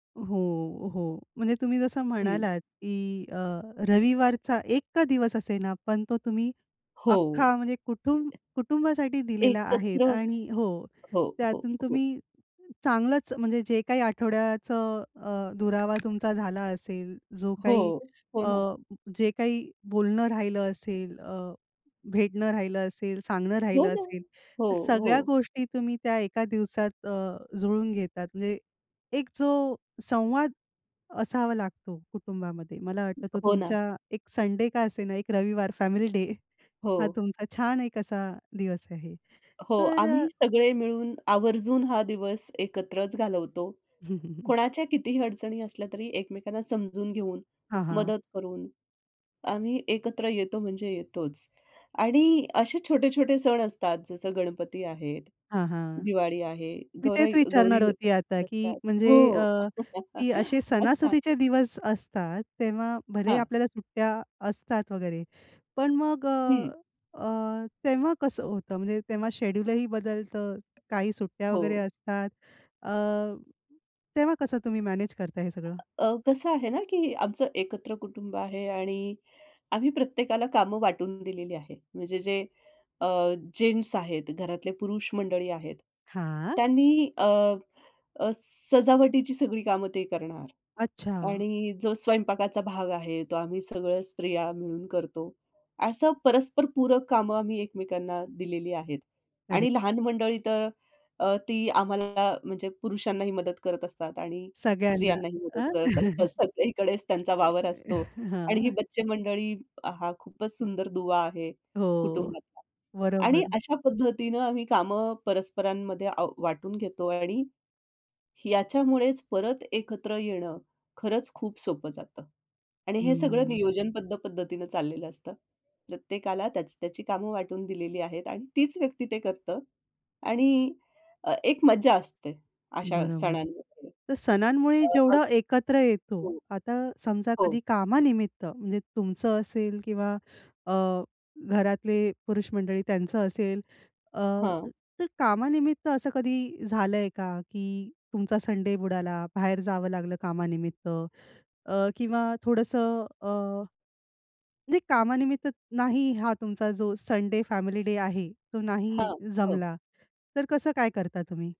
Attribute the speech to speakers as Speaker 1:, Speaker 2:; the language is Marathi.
Speaker 1: हो, हो. म्हणजे तुम्ही जसं
Speaker 2: हं.
Speaker 1: म्हणालात, की अ, रविवारचा 1 का दिवस असेना, पण तो तुम्ही
Speaker 2: हो.
Speaker 1: अख्खा म्हणजे कुटुंबासाठी दिलेला आहे.
Speaker 2: एकत्र.
Speaker 1: आणि हो,
Speaker 2: हो, हो,
Speaker 1: त्यातून
Speaker 2: हो.
Speaker 1: तुम्ही चांगलंच म्हणजे जे काही आठवड्याचं अ, दुरावा तुमचा झाला असेल, जो काही
Speaker 2: हो. हो
Speaker 1: अ,
Speaker 2: ना.
Speaker 1: जे काही बोलणं राहिलं असेल, अ, भेटणं राहिलं असेल, सांगणं
Speaker 2: हो
Speaker 1: राहिलं
Speaker 2: ना.
Speaker 1: असेल,
Speaker 2: हो,
Speaker 1: तर सगळ्या
Speaker 2: हो.
Speaker 1: गोष्टी तुम्ही त्या एका दिवसात अ, जुळवून घेता. म्हणजे एक जो संवाद असावा लागतो कुटुंबामध्ये मला वाटतं तो
Speaker 2: हो ना.
Speaker 1: तुमचा 1 संडे का असेना, 1 रविवार फॅमिली डे हा
Speaker 2: हो.
Speaker 1: तुमचा छान एक असा दिवस आहे.
Speaker 2: हो.
Speaker 1: तर
Speaker 2: आम्ही
Speaker 1: अ
Speaker 2: सगळे मिळून आवर्जून हा दिवस एकत्रच घालवतो. कोणाच्या कितीही अडचणी असल्या तरी एकमेकांना समजून घेऊन,
Speaker 1: हां, हां.
Speaker 2: मदत करून, आम्ही एकत्र येतो म्हणजे येतोच. आणि असे छोटे-छोटे सण असतात जसं गणपती आहेत,
Speaker 1: हां, हां.
Speaker 2: दिवाळी आहे,
Speaker 1: मी
Speaker 2: गौराई
Speaker 1: तेच
Speaker 2: गौरी
Speaker 1: विचारणार होती आता की
Speaker 2: बसतात.
Speaker 1: म्हणजे
Speaker 2: हो.
Speaker 1: अ, की असे
Speaker 2: अच्छा.
Speaker 1: सणासुदीचे दिवस असतात तेव्हा भलेही
Speaker 2: हां.
Speaker 1: आपल्याला सुट्ट्या असतात वगैरे. पण मग
Speaker 2: हं.
Speaker 1: अ, अ, तेव्हा कसं होतं, म्हणजे तेव्हा शेड्यूल ही बदलतं, काही सुट्ट्या वगैरे
Speaker 2: हो.
Speaker 1: असतात अ, तेव्हा कसं तुम्ही मॅनेज करता हे सगळं?
Speaker 2: अ, कसं आहे ना, की आमचं एकत्र कुटुंब आहे आणि आम्ही प्रत्येकाला कामं वाटून दिलेली आहे. म्हणजे जे अ, जेन्ट्स आहेत, घरातले पुरुष मंडळी आहेत,
Speaker 1: हां.
Speaker 2: त्यांनी अ, अ, सजावटीची सगळी कामं ते करणार.
Speaker 1: अच्छा!
Speaker 2: आणि जो स्वयंपाकाचा भाग आहे, तो आम्ही सगळं स्त्रिया मिळून करतो. असं परस्पर पूरक कामं आम्ही एकमेकांना दिलेली आहेत.
Speaker 1: अरे
Speaker 2: आणि लहान मंडळी तर अ, ती आम्हाला म्हणजे पुरुषांनाही मदत करत असतात आणि
Speaker 1: सगळ्यांना
Speaker 2: स्त्रियांनाही मदत
Speaker 1: अ,
Speaker 2: करत असतात. सगळीकडेच त्यांचा वावर असतो. आणि ही
Speaker 1: हां.
Speaker 2: बच्चे मंडळी हा खूपच सुंदर दुवा आहे
Speaker 1: हो.
Speaker 2: कुटुंबातला. आणि
Speaker 1: बरोबर.
Speaker 2: अशा पद्धतीनं आम्ही कामं परस्परांमध्ये अ, वाटून घेतो. आणि याच्यामुळेच परत एकत्र येणं खरंच खूप सोपं जातं. आणि हे सगळं
Speaker 1: हम्म.
Speaker 2: नियोजनबद्ध पद्धतीनं चाललेलं असतं. प्रत्येकाला त्याची-त्याची कामं वाटून दिलेली आहेत आणि तीच व्यक्ती ते करतं. आणि अ, एक मज्जा असते अशा
Speaker 1: बरोबर.
Speaker 2: सणांमध्ये.
Speaker 1: तर सणांमुळे
Speaker 2: अ, अग
Speaker 1: जेवढं एकत्र येतो,
Speaker 2: हो.
Speaker 1: आता समजा
Speaker 2: हो.
Speaker 1: कधी कामानिमित्त म्हणजे तुमचं असेल किंवा अ, घरातले पुरुष मंडळी त्यांचं असेल अ,
Speaker 2: हां.
Speaker 1: तर कामानिमित्त असं कधी झालंय का, की तुमचा संडे बुडाला, बाहेर जावं लागलं कामानिमित्त अ, किंवा थोडंसं अ, म्हणजे कामानिमित्त नाही हा तुमचा जो संडे फॅमिली डे आहे तो नाही
Speaker 2: हां. हो.
Speaker 1: जमला, तर कसं काय करता तुम्ही?